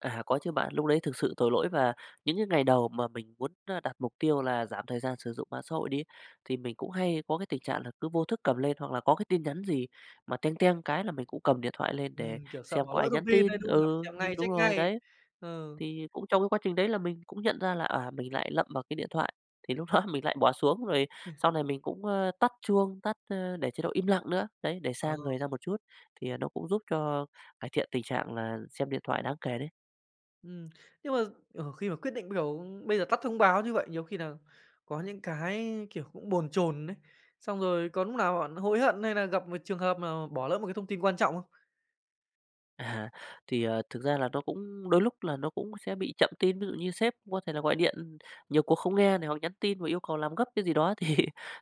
À, có chứ bạn, lúc lấy thực sự tội lỗi và những cái ngày đầu mà mình muốn, ơ, đặt mục tiêu là giảm thời gian sử dụng mạng xã hội đi, thì mình cũng hay có cái tình trạng là cứ vô thức cầm lên hoặc là có cái tin nhắn gì mà "teng teng" cái là mình cũng cầm điện thoại lên để Ừm, kiểu sợ xem bỏ có lỡ ai thông nhắn tin đấy, tin. đúng không nào? Phải Ừ, xem nhưng ngay, đúng check rồi, ngay, đấy. ờ. Thì cũng trong cái quá trình đấy là mình cũng nhận ra là, à, mình lại lậm vào cái điện thoại, thì lúc đó mình lại bỏ xuống rồi sau này mình cũng, a, tắt chuông, tắt a, để chế độ im lặng nữa. Đấy, để Ờ. xa người ra một chút thì, à, nó cũng giúp cho cải thiện tình trạng là xem điện thoại đáng kể đấy. Ừm, nhưng mà, ờ, khi mà quyết định, kiểu, bây giờ tắt thông báo như vậy, nhiều khi nà có những cái, kiểu, cũng bồn chồn ấy, xong rồi có núc nào bạn hối hận hay nà gặp một trường hợp mà bỏ lỡ một cái thông tin quan trọng không? À, thì, ờ, thực ra là nó cũng đôi lúc là nó cũng sẽ bị chậm tin, ví dụ như sếp có thể là gọi điện nhiều cuộc không nghe này hoặc nhắn tin và yêu cầu làm gấp cái gì đó thì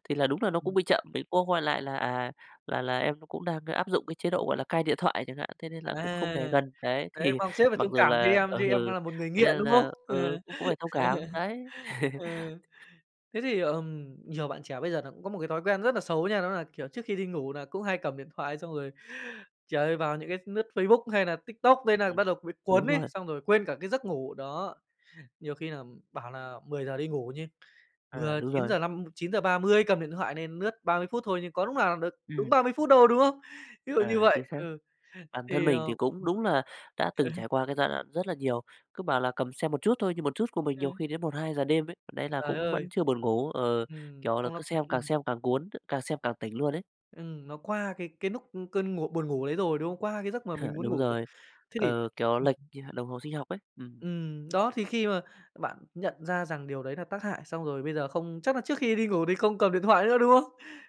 thì là đúng là nó cũng bị chậm, mình cũng có gọi lại là "À, là là em nó cũng đang áp dụng cái chế độ, gọi là, cai điện thoại", chẳng hạn, "thế nên là cũng không À, để gần." Đấy, đấy thì mong sếp phải mặc thông dù cảm cho là em chứ em đang ừ, nà một người thế nghiện, nên đúng không? là Ờ. ừ, cũng cũng phải thông cảm, đấy. Ờ, thế thì, ờm, nhiều bạn trẻ bây giờ nà cũng có một cái thói quen rất nà xấu nha, đó nà, kiểu, trước khi đi ngủ đà cũng hay cầm điện thoại xong rồi, trời ơi, vào những cái lướt Facebook hay nà TikTok nên nà Ừm, bắt đầu bị đúng cuốn ấy, rồi. xong rồi quên cả cái giấc ngủ, đó, nhiều khi nà, ừm, bảo nà 10:00 đi ngủ nha, À, vừa đúng chín rồi. giờ năm 9:30 cầm điện thoại nên lướt 30 phút thôi nhưng có lúc nào được đúng Ừm. 30 phút đâu, đúng không? Ví dụ như À, chính vậy xác. ừ. Bản thân Thì, mình ờ thì cũng đúng là đã từng trải qua cái giai đoạn rất là nhiều, cứ bảo là cầm xem một chút thôi nhưng một chút của mình nhiều Ừ. khi đến 1:00-2:00 đêm ấy, đấy là Trời cũng vẫn ơi! chưa buồn ngủ ờ, Ừm, kiểu là, xong nó cứ xem càng ừm. xem càng cuốn, càng xem càng tỉnh luôn ấy. Ừm, nó qua cái cái lúc cơn ngủ buồn ngủ đấy rồi, đúng không? Qua cái giấc mà Ờ, mình muốn đúng ngủ rồi. rồi, Thế thì ờ, kiểu, lệch, a, đồng hồ sinh học ấy. Ừm. Ừm, đó thì khi mà bạn nhận ra rằng điều đấy nà tác hại xong rồi bây giờ không chắc là trước khi đi ngủ thì không cầm điện thoại nữa, đúng không?